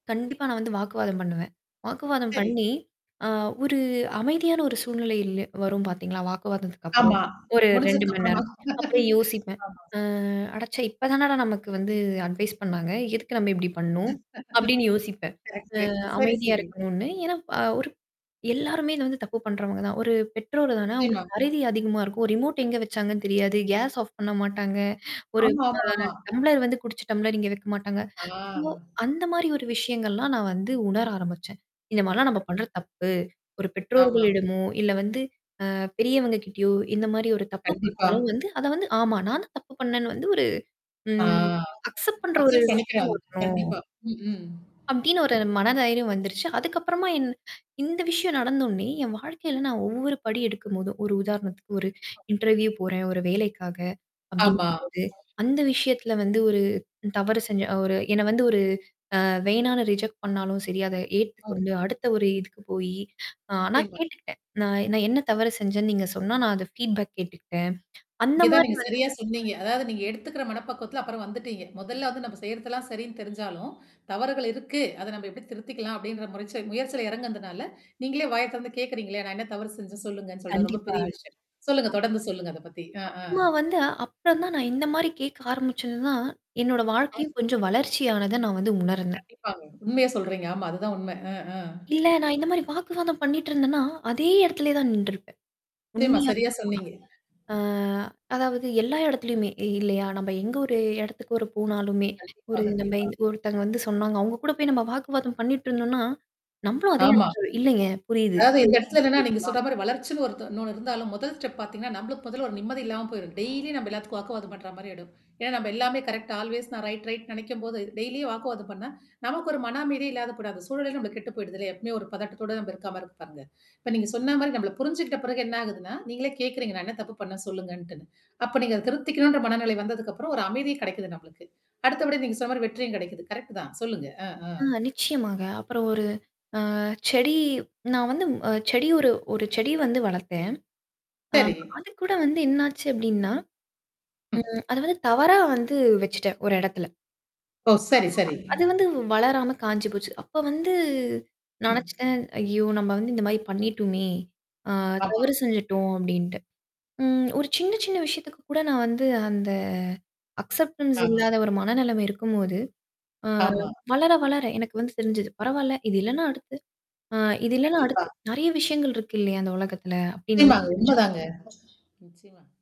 கண்டிப்பா. நான் வந்து வாக்குவாதம் பண்ணுவேன். வாக்குவாதம் சரி. பண்ணி அ ஒரு அமைதியான ஒரு சூழ்நிலை வரும் பார்த்தீங்களா? வாக்குவாதத்துக்கப்புறம். ஆமா. ஒரு 2 மணி நேரம். முடிச்சதுக்கப்புறம் அப்புறம் யோசிப்பேன். ஆமா. அ அடச்சை! இப்ப தானடா நமக்கு வந்து அட்வைஸ் பண்ணாங்க. எதுக்கு நம்ம இப்டி பண்ணோம்? அப்டின்னு யோசிப்பேன். கரெக்ட்டு. அ சரி அமைதியா சரி. இருக்கணும்ன்னு. ஏனா அ ஒரு எல்லாருமே இத வந்து தப்பு பண்றவங்க தான். ஒரு பெற்றோர் தானே நிச்சயமா. அவங்களுக்கு மறதி அதிகமா இருக்கும். ஒரு ரிமோட் எங்க வச்சாங்கன்னு தெரியாது. கேஸ் ஆஃப் பண்ண மாட்டாங்க. ஒரு ஆமாமாமா. அ டம்ளர் வந்து குடிச்சு டம்ளர் இங்க வக்க மாட்டாங்க. சோ ஆ. அந்த மாரி ஒரு விஷயங்கள்லாம் நான் வந்து உணர ஆரம்பிச்சேன். இந்த மாரிலாம் நம்ம பண்றது தப்பு. ஒரு ஆமா. பெற்றோர்களிடமோ, இல்ல வந்து அ பெரியவங்க கிட்டயோ இந்த மாரி ஒரு தப்பு கண்டிப்பா. பண்ணாலும் வந்து அத வந்து ஆமா. நானும் தப்பு பண்ணேன்னு வந்து ஒரு ஆ. ம். அக்சப்ட் பண்ற ஒரு அக்சப் விஷயம் பண்ணிக்கிறாங்க. வரணும். கண்டிப்பா. ம். அப்படின்னு ஒரு மன தைரியம் வந்துருச்சு. அதுக்கப்புறமா என் இந்த விஷயம் நடந்தோன்னே, என் வாழ்க்கையில நான் ஒவ்வொரு படி எடுக்கும்போதும். ஒரு உதாரணத்துக்கு ஒரு இன்டர்வியூ போறேன். ஒரு வேலைக்காக. ஆமா. அப்டிங்கும்போது அந்த விஷயத்தல வந்து ஒரு தவறு செஞ்ச ஒரு என்ன வந்து ஒரு அ வேணான்னு ரிஜெக்ட் பண்ணாலும் சரி, அத ஏத்துக்கொண்டு அடுத்த ஒரு இதுக்கு போயி ஆனா [unintelligible] கேட்டுக்கிட்டேன். நான் நான் என்ன தவறு செஞ்சேன்னு நீங்க சொன்னா நான் அத ஃபீட்பேக் கேட்டுட்டேன். அந்த இங்க தான் மாரி நீங்க வந்து சரியா சொன்னீங்க. அதாவது நீங்க எடுத்துக்கிற மனப்பக்குவத்தில அப்புறம் வந்துட்டீங்க. மொதல்ல வந்து நம்ம செய்றதெல்லாம் சரின்னு தெரிஞ்சாலும், தவறுகள் இருக்கு. அத நம்ம எப்படி திருத்திக்கலாம் அப்டின்ற முறைச்ச முயற்சில எறங்குதுனால, நீங்களே வாய்ய தொறந்து கேக்கிறீங்கள, "நான் என்ன தவறு செஞ்சே சொல்லுங்கன்னு?" சொல்லுட்டு. அது ரொம்ப கண்டிப்பா. பெரிய ஆ விஷயம். சொல்லுங்க. தொடர்ந்து சொல்லுங்க. அத பத்தி. ஆ ஆ. அப்புறம்மா வந்து அப்புறம் தான் நான் இந்த மாரி கேட்க ஆரம்பிச்சது தான், என்னோட வாழ்க்கையும் கொஞ்சம் வளர்ச்சியானத நான் வந்து உணர்ந்தேன். கண்டிப்பாங்க. உண்மைய சொல்றீங்க. ஆமா. அதுதான் உண்ம. அ ஆ. இல்ல நான் இந்த மாரி வாக்குவாதம் பண்ணிட்டு இருந்தேன்னா, அதே இடத்திலேயே தான் நின்றுருப்பேன். நிச்சியமா. உண்மையா சரியா சொல்ல போனா. சொன்னீங்க. ஆ அதாவது எல்லா இடத்துலயுமே இல்லையா? நம்ம எங்க ஒரு இடத்துக்கு ஒரு போனாலுமே, கண்டிப்பா. ஒரு நம்ம கண்டிப்பா. ஒருத்தங்க வந்து சொன்னாங்க. அவங்க கூட போய் நம்ம வாக்குவாதம் பண்ணிட்டு இருந்தோம்னா, நம்மளும் அதே ஆமா. இடத்துல இல்லங்க புரியுது. அதாவது இந்த இடத்துல என்னன்னா, நீங்க சொன்ன மாரி வளர்ச்சுன்னு ஒரு ஒண் இன்னொன்னு இருந்தாலும் முதல் ஸ்டெப் பார்த்தீங்கன்னா, நம்மளுக்கு முதல்ல ஒரு நிம்மதி இல்லாம போயிடும். டெய்லி நம்ம எல்லாத்துக்கும் வாக்குவாதம் பண்ற மாரி ஆயிடும். ஏன்னா, நம்ம எல்லாமே கரெக்ட ஆல்வேஸ் நான் ரைட் ரைட் நெனைக்கும்போது டெய்லியே வாக்குவாதம் பண்ணா, நமக்கு ஒரு மன அமைதியே இல்லாத கூடாது. அந்த சூழலே நம்மக்கு கெட்டு போயிடுதில்லயா. எப்பவுமே ஒரு பதட்டத்தோட நம்ம இருக்காமாரி இருக்கு பாருங்க. இப்ப நீங்க சொன்ன மாரி நம்மள புரிஞ்சுக்கிட்ட பிறகு என்ன ஆகுதுன்னா, நீங்களே கேட்கறீங்க. நான் என்ன தப்பு பண்ணே சொல்லுங்கன்ட்டுன்னு. அப்ப நீங்க அத திருத்திக்கணுன்ற மனநிலை வந்ததுக்கப்புறம் ஒரு அமைதியு கெடைக்குது நம்மளுக்கு. அடுத்தபடி நீங்க சொன்ன மாரி வெற்றியும் கெடைக்குது. கரெக்ட் தான். சொல்லுங்க. அ ஆ. ஆ நிச்சயமாங்க. அப்புறம் ஒரு அ செடி நான் வந்து அ செடி ஒரு ஒரு செடி வந்து வளர்த்தேன். ஆ சரி. அது கூட வந்து என்னாச்சு அப்டின்னா ம். அத வந்து தவறா வந்து வச்சுட்டேன் ஒரு இடத்துல. ஓ! ஆமா சரி சரி. அது வந்து வளராம காஞ்சி போச்சு. அப்ப வந்து ம். நெனச்சுட்டேன். ஐயோ! நம்ம வந்து இந்த மாரி பண்ணிட்டோமே! ஆ ஆமா. தவறு செஞ்சுட்டோம் அப்டீன்ட்டு ம். ஒரு சின்ன சின்ன விஷயத்துக்கு கூட நான் வந்து அந்த அக்சப்டன்ஸ் [unintelligible] இல்லாத ஒரு மனநெலமை இருக்கும்போது. ஆமா. அ வளர வளர எனக்கு வந்து செரிஞ்சது. பரவால்ல. இது இல்லன்னா அடுத்து அ இது இல்லன்னா கண்டிப்பா. அடுத்து நெறைய விஷயங்கள் இருக்கு இல்லையா? அந்த உலகத்தில அப்படின்னு வந்து நிச்சயமாங்க. தெரிஞ்சுக்க உண்மதாங்க. நிச்சயமா.